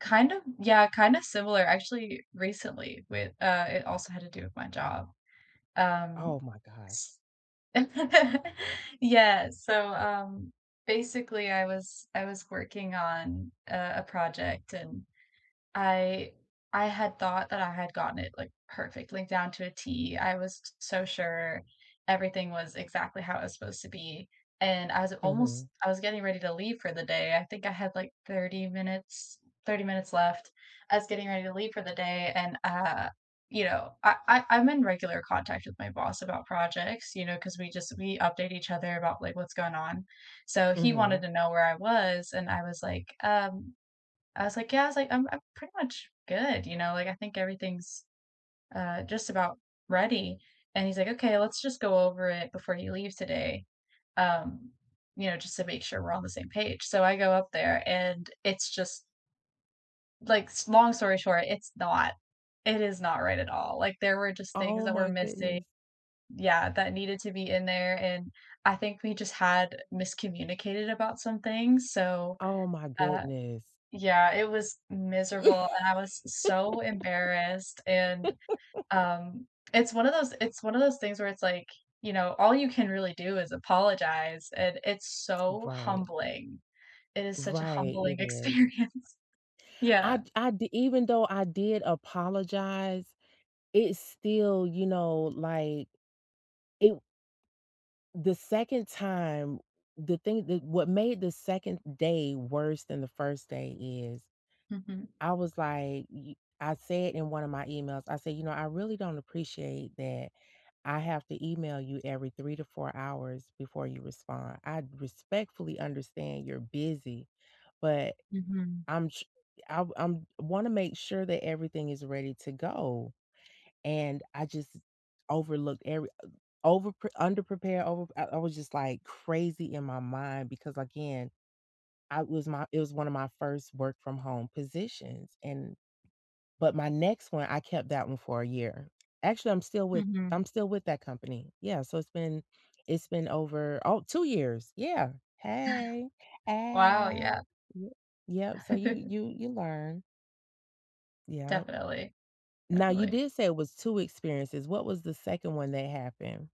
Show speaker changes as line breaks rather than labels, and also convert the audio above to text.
Kind of yeah, kind of similar, actually, recently, with, uh it also had to do with my job. Um,
Oh my gosh.
s yes, so, um, basically, I was I was working on, uh, a project, and I I had thought that I had gotten it, like, perfectly down to a T, I was s so sure everything was exactly how it was supposed to be, and I was it almost
Mhm.
I was getting ready to leave for the day, I think I had, like, 30 minutes 30 minutes left. I was getting ready to leave for the day, and, uh, you know, uh I I'm in regular contact with my boss about projects, you know, 'cause we just we update each other about, like, what's going on. So, he wanted
Mhm.
to know where I was, and I was, like, "Um" I was, like, "Yeah," I was, like, "I'm I'm pretty much good," you know, like, "I think everything's, uh, just about ready." And he's, like, "Okay. Let's just go over it before he leaves today," um, you know, just to make sure we're on the same page," so, I go up there, and it's just like s long story short, it's not it is not right at all, like, there were just things
Oh
that were
my
missi
goodness.
Yeah, that needed to be in there, and I think we just had miscommunicated about some things, so,
Oh my
uh
goodness.
Yeah, it was miserable, and I was so embarrassed, and, um, it's one of those it's one of those things where it's, like, you know, all you can really do is apologize, and it's so,
Right.
humbling. It is such a
Right,
humbling
it is.
experience.
I
Yeah.
d I di even though I did apologize, it still, you know, like, it w the second time the thing that what made the 2nd day worse than the 1st day is
Mhm.
I was like, y y I said in one of my emails, I said, "You know, I really don't appreciate that I have to email you every 3 to 4 hours before you respond. I respectfully understand you're busy, but
Mhm.
I'm tr I've I'm wanna make sure that everything is ready to go, and I just overlooked every, uh overpr underprepared overpr uh, I was just, like, crazy in my mind, because again, I was my it was one of my first work-from-home positions, and but my next one, I kept that one for a year. Actually, I'm still with
Mhm.
I'm still with that company. Yeah, so, it's been it's been over oh, 2 years. Yeah. Hey.
Wow,
Ow.
yeah.
Y Yep, so, you you you learn. Yep.
Definitely.
Now you
Definitely.
did say it was 2 experiences. What was the 2nd one that happened?